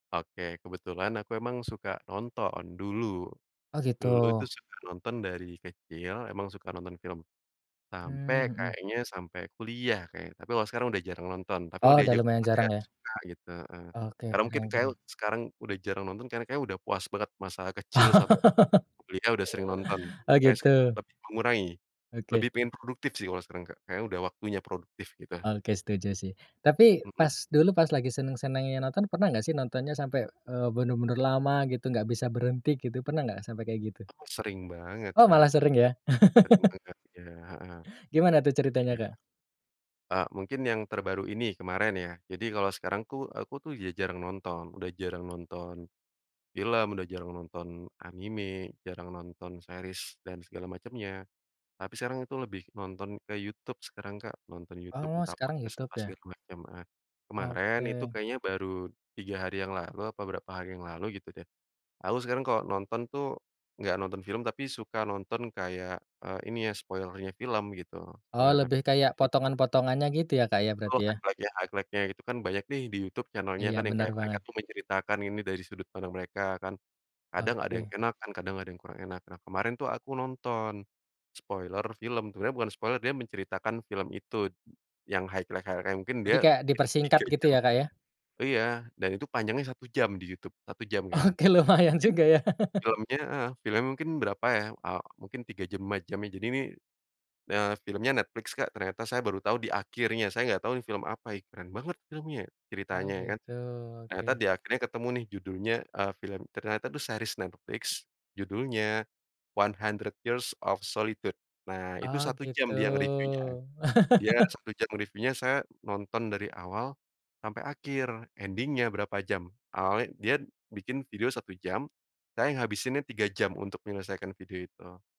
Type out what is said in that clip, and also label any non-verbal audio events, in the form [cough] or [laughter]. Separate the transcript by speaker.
Speaker 1: Oke, kebetulan aku emang suka nonton dulu,
Speaker 2: Oh,
Speaker 1: dulu tuh
Speaker 2: gitu.
Speaker 1: suka nonton dari kecil emang suka nonton film, sampai
Speaker 2: Mmm, mhm.
Speaker 1: kayaknya sampai kuliah kayaknya tapi kalau sekarang udah jarang nonton tapi kalo
Speaker 2: Oh, udah
Speaker 1: diajak
Speaker 2: lumayan
Speaker 1: nonton ya
Speaker 2: jarang ya?
Speaker 1: suka gitu heeh,
Speaker 2: Oke,
Speaker 1: karena mungkin
Speaker 2: keren
Speaker 1: kayak
Speaker 2: keren.
Speaker 1: sekarang udah jarang nonton, karena kayak udah puas banget masa kecil sampai kuliah udah sering nonton,
Speaker 2: [laughs] Oh,
Speaker 1: kayak
Speaker 2: gitu.
Speaker 1: sekarang lebih mengurangi,
Speaker 2: Oke.
Speaker 1: lebih pengen produktif sih kalau sekarang Kak. Kayaknya udah waktunya produktif gitu.
Speaker 2: Oke, setuju sih. Tapi
Speaker 1: Mhm.
Speaker 2: pas dulu pas lagi seneng-senengnya nonton, pernah enggak sih nontonnya sampai, eee, bener-bener lama gitu, enggak bisa berhenti gitu, pernah enggak sampai kayak gitu?
Speaker 1: Sering banget
Speaker 2: Oh,
Speaker 1: Kak,
Speaker 2: malah
Speaker 1: sering
Speaker 2: sering ya?
Speaker 1: banget sering
Speaker 2: [laughs]
Speaker 1: banget, iya, heeh.
Speaker 2: Gimana tuh ceritanya
Speaker 1: Iya,
Speaker 2: Kak?
Speaker 1: Kak. Eee, mungkin yang terbaru ini kemarin ya, jadi kalau sekarang tuh aku tuh udah jarang nonton, udah jarang nonton film, udah jarang nonton anime, jarang nonton series dan segala macemnya. Tapi sekarang itu lebih nonton ke Youtube sekarang Kak, nonton Youtube
Speaker 2: Oh,
Speaker 1: entah
Speaker 2: sekarang
Speaker 1: podcast
Speaker 2: YouTube
Speaker 1: apa
Speaker 2: ya?
Speaker 1: segala macem ah kemarin itu
Speaker 2: Oke.
Speaker 1: kayaknya baru 3 hari yang lalu apa berapa hari yang lalu gitu deh, aku sekarang kalau nonton tuh enggak nonton film tapi suka nonton kayak eee, ini ya spoiler-nya film gitu
Speaker 2: Oh,
Speaker 1: spoiler-nya
Speaker 2: lebih
Speaker 1: film
Speaker 2: kayak
Speaker 1: jadi
Speaker 2: potongan-potongannya gitu ya, Kak, ya
Speaker 1: Betul,
Speaker 2: berarti ya?
Speaker 1: highlight-nya highlight-nya itu kan banyak nih di YouTube channel-nya
Speaker 2: Iya,
Speaker 1: kan yang
Speaker 2: benar
Speaker 1: kayak mereka
Speaker 2: banget.
Speaker 1: tuh menceritakan ini dari sudut pandang mereka kan. Kadang ada yang
Speaker 2: Oke.
Speaker 1: enak kan kadang ada yang kurang enak. Nah, kemarin tuh aku nonton spoiler film, sebenernya bukan spoiler, dia menceritakan film itu yang highlight-highlight-nya mungkin dia
Speaker 2: Jadi kayak
Speaker 1: itu
Speaker 2: dipersingkat
Speaker 1: 3
Speaker 2: gitu
Speaker 1: jam
Speaker 2: ya, Kak, ya?
Speaker 1: iya, dan itu panjangnya 1 jam di Youtube 1 jam Kak.
Speaker 2: Oke, lumayan
Speaker 1: Mungkin
Speaker 2: juga ya. [laughs]
Speaker 1: film-nya heeh, film-nya mungkin berapa ya, eee, mungkin 3 jam 5 jam ya. Jadi, ini, eee, film-nya Netflix Kak, ternyata saya baru tahu di akhirnya saya enggak tahu ini film apa ih keren banget film-nya ya
Speaker 2: Oh,
Speaker 1: ceritanya kan.
Speaker 2: gitu,
Speaker 1: Ternyata
Speaker 2: oke.
Speaker 1: di akhirnya ketemu nih judulnya, eee, film ternyata itu series Netflix judulnya One Hundred Years of Solitude, nah itu
Speaker 2: Oh,
Speaker 1: 1
Speaker 2: gitu.
Speaker 1: jam dia nge-review-nya. Dia
Speaker 2: [laughs]
Speaker 1: 1 jam review-nya, saya nonton dari awal sampai akhir ending-nya berapa jam awalnya dia bikin video 1 jam, saya ngabisinnya 3 jam untuk menyelesaikan video itu.